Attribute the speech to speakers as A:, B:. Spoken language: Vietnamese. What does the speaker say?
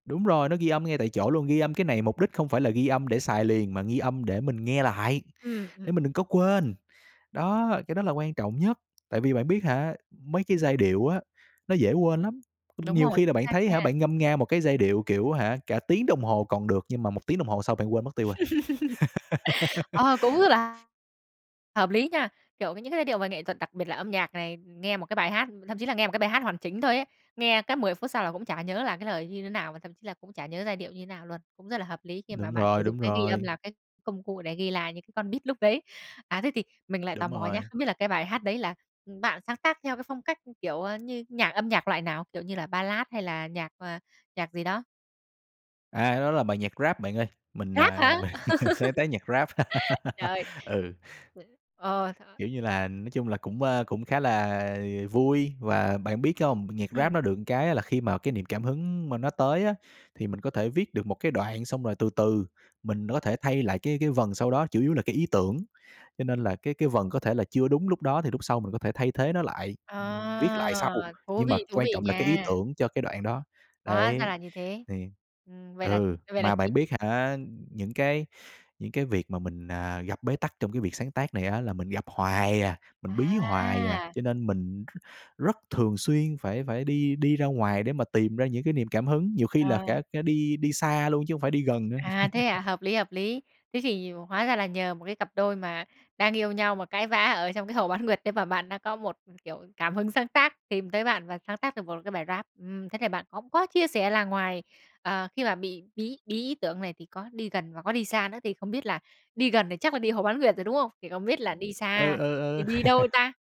A: Đúng rồi, nó ghi âm ngay tại chỗ luôn. Ghi âm cái này mục đích không phải là ghi âm để xài liền, mà ghi âm để mình nghe lại,
B: Ừm,
A: để
B: ừm.
A: mình đừng có quên. Đó, cái đó là quan trọng nhất. Tại vì bạn biết hả, mấy cái giai điệu á, nó dễ quên lắm.
B: Đúng
A: Nhiều
B: rồi,
A: khi là
B: chính
A: bạn
B: xác
A: thấy
B: nha.
A: hả, bạn ngâm nga một cái giai điệu, kiểu hả, cả tiếng đồng hồ còn được. Nhưng mà 1 tiếng đồng hồ sau bạn quên mất tiêu rồi.
B: Ờ, cũng rất là hợp lý nha. Kiểu, những cái giai điệu về nghệ thuật đặc biệt là âm nhạc này, nghe một cái bài hát thậm chí là nghe một cái bài hát hoàn chỉnh thôi ấy, nghe cái 10 phút sau là cũng chả nhớ là cái lời như thế nào, và thậm chí là cũng chả nhớ giai điệu như nào luôn. Cũng rất là hợp lý khi mà
A: Đúng
B: bạn sử
A: rồi,
B: dụng
A: đúng
B: cái ghi âm
A: rồi.
B: là cái công cụ để ghi lại những cái con beat lúc đấy. À, thế thì mình lại tò
A: Đúng
B: mò nhá.
A: rồi.
B: Không biết là cái bài hát đấy là, ừm, bạn sáng tác theo cái phong cách, kiểu, ơ, như nhạc âm nhạc loại nào, kiểu như là ballad hay là nhạc, ờ, nhạc gì đó?
A: À, cái đó là bài nhạc rap bạn ơi, mình,
B: Rap
A: à,
B: hả?
A: mình sáng tác nhạc rap.
B: Trời!
A: Ừ.
B: [unintelligible] Ờ, th
A: Kiểu như là, nói chung là cũng, a, cũng khá là vui. Và bạn biết không, nhạc rap
B: Ừm.
A: nó được cái là khi mà cái niềm cảm hứng mà nó tới á, thì mình có thể viết được một cái đoạn. Xong rồi từ từ mình đó thể thay lại cái cái vần sau đó, chủ yếu là cái ý tưởng. Cho nên là cái cái vần có thể là chưa đúng lúc đó, thì lúc sau mình có thể thay thế nó lại, ừm, viết
B: Ờ,
A: lại sau.
B: thú
A: Nhưng mà
B: vị, thú
A: quan
B: vị
A: trọng là cái ý
B: nha.
A: tưởng cho cái đoạn đó.
B: Hóa ra
A: Đấy.
B: là như thế.
A: Thì
B: Ừm, vậy là
A: ừ,
B: vậy là
A: mà bạn
B: [unintelligible]
A: biết hả, những cái những cái việc mà mình, à, gặp bế tắc trong cái việc sáng tác này á, là mình gặp hoài à, mình bí hoài à.
B: À!
A: Cho nên mình r rất thường xuyên phải phải đi đi ra ngoài để mà tìm ra những cái niềm cảm hứng. Nhiều khi là
B: À.
A: cả cả đi đi xa luôn chứ không phải đi gần nữa.
B: À, thế hả? Hợp lý, hợp lý. Thế thì hóa ra là nhờ một cái cặp đôi mà đang yêu nhau, mà cãi vã ở trong cái hồ Bán Nguyệt đấy, mà bạn đang có một, kiểu, cảm hứng sáng tác, tìm tới bạn và sáng tác được một cái bài rap. Ừm, thế thì bạn cũng có chia sẻ là ngoài, ờ, khi mà bị bí bí ý tưởng này, thì có đi gần và có đi xa nữa. Thì không biết là đi gần thì chắc là đi hồ Bán Nguyệt rồi, đúng không? Thì không biết là
A: Ừ,
B: đi
A: ừ,
B: xa thì
A: ừ.
B: đi đâu ta?